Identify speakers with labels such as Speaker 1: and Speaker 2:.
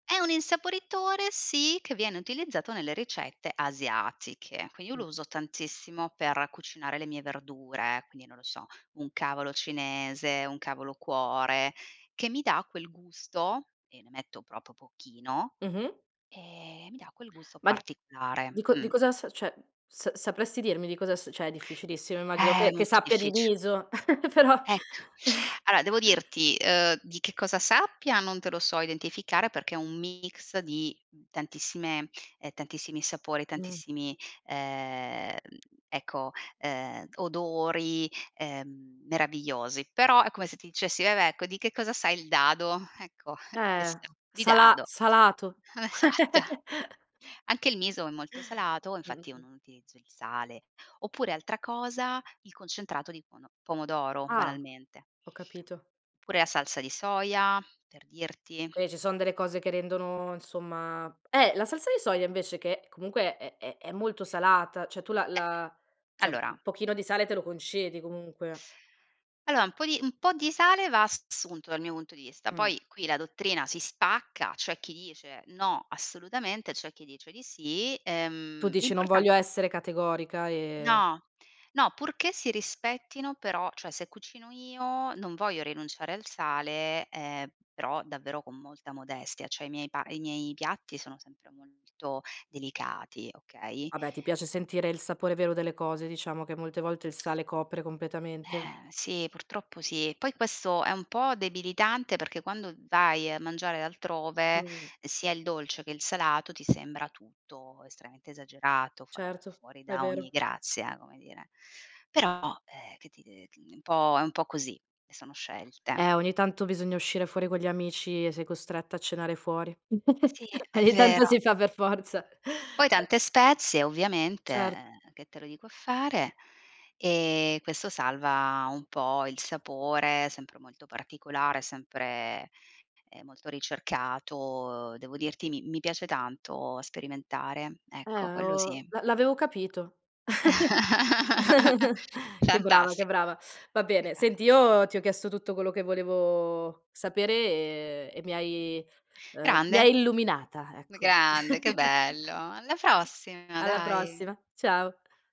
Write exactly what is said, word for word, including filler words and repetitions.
Speaker 1: È un insaporitore sì, che viene utilizzato nelle ricette asiatiche. Quindi io
Speaker 2: Mh.
Speaker 1: lo uso tantissimo, per cucinare le mie verdure, quindi non lo so, un cavolo cinese, un cavolo cuore, che mi dà quel gusto e ne metto propo pochino,
Speaker 2: Mh-mh.
Speaker 1: ehm, mi dà quel gusto
Speaker 2: Ma di
Speaker 1: particolare.
Speaker 2: di cos di
Speaker 1: Mh.
Speaker 2: cosa s ceh s sapresti dirmi di cosa s ceh è difficilissimo immagino
Speaker 1: Eh
Speaker 2: che che
Speaker 1: molto
Speaker 2: sappia di
Speaker 1: diffic
Speaker 2: riso, però.
Speaker 1: Ecco, aloa devo dirti, ehm, di che cosa sappia non te lo so identificare, perché è un mix di tantissime ehm, tantissimi sapori,
Speaker 2: Mh.
Speaker 1: tantissimi, ehm, ecco, ehm, odori, ehm, meravigliosi, però è come se ti dicessi: "Vabbè, ecco, di che cosa sai il dado?" Ecco di che
Speaker 2: Eh
Speaker 1: sa? Di
Speaker 2: sala
Speaker 1: dado
Speaker 2: salato.
Speaker 1: Esatto. Anche il miso è molto salato, infatti non
Speaker 2: Mh-mh.
Speaker 1: utilizzo il sale. Oppure altra cosa, il concentrato di pono pomodoro
Speaker 2: Ah.
Speaker 1: banalmente.
Speaker 2: Ho capito.
Speaker 1: Pure la salsa di soia, per dirti.
Speaker 2: Qui ci son delle cose che rendono insomma eh la salsa di soia invece che comunque è è è molto salata, ceh tu la
Speaker 1: Eh,
Speaker 2: la ceh un
Speaker 1: allora
Speaker 2: pochino di sale te lo concedi comunque.
Speaker 1: Allora, un po' di un po' di sale va assunto dal mio punto di vista,
Speaker 2: Mh.
Speaker 1: poi qui la dottrina si spacca, c'è chi dice: "No assolutamente". C'è chi dice di sì,
Speaker 2: Tu
Speaker 1: ehm,
Speaker 2: dici non
Speaker 1: l'importa
Speaker 2: voglio essere categorica e
Speaker 1: No, no purché si rispettino però cioè se cucino io non voglio rinunciare al sale, ehm, però davvero con molta modestia, cioè i miei pa i miei piatti sono sempre molto delicati, okay?
Speaker 2: Vabbè, ti piace sentire il sapore vero delle cose. Diciamo, che molte volte il sale, copre completamente.
Speaker 1: Eh sì, purtroppo sì. Poi questo è un po' debilitante, perché quando vai a mangiare altrove,
Speaker 2: Mhmm.
Speaker 1: sia il dolce che il salato ti sembra tutto estreamente esagerato, fa
Speaker 2: Certo,
Speaker 1: fuori
Speaker 2: è
Speaker 1: da ogni
Speaker 2: vero.
Speaker 1: grazia, come dire. Però, ehm, che ti de mhmm, è un po' è un po' così, sono scelte.
Speaker 2: Eh ogni tanto, bisogna uscire fuori con gli amici e sei costretta a cenare fuori.
Speaker 1: Sì, è
Speaker 2: Ogni tanto
Speaker 1: vero.
Speaker 2: si fa per forza.
Speaker 1: Poi tante spezie ovviamente,
Speaker 2: Cert
Speaker 1: che te lo dico a fare? E questo salva un po' il sapore, sempre molto particolare, sempre, ehm, molto ricercato. Devo dirti, mi mi piace tanto sperimentare.
Speaker 2: Eh
Speaker 1: Ecco, quello
Speaker 2: oh,
Speaker 1: sì.
Speaker 2: l'avevo l'avevo capito, che brava, che
Speaker 1: Fantasti
Speaker 2: brava. Va bene, senti,
Speaker 1: grazie.
Speaker 2: io ti ho chiesto tutto quello che volevo sapere, e e mi hai, ehm, mi
Speaker 1: Grande.
Speaker 2: hai illuminata, ecco.
Speaker 1: Grande, che bello. Alla prossima
Speaker 2: Alla
Speaker 1: dai.
Speaker 2: prossima, ciao.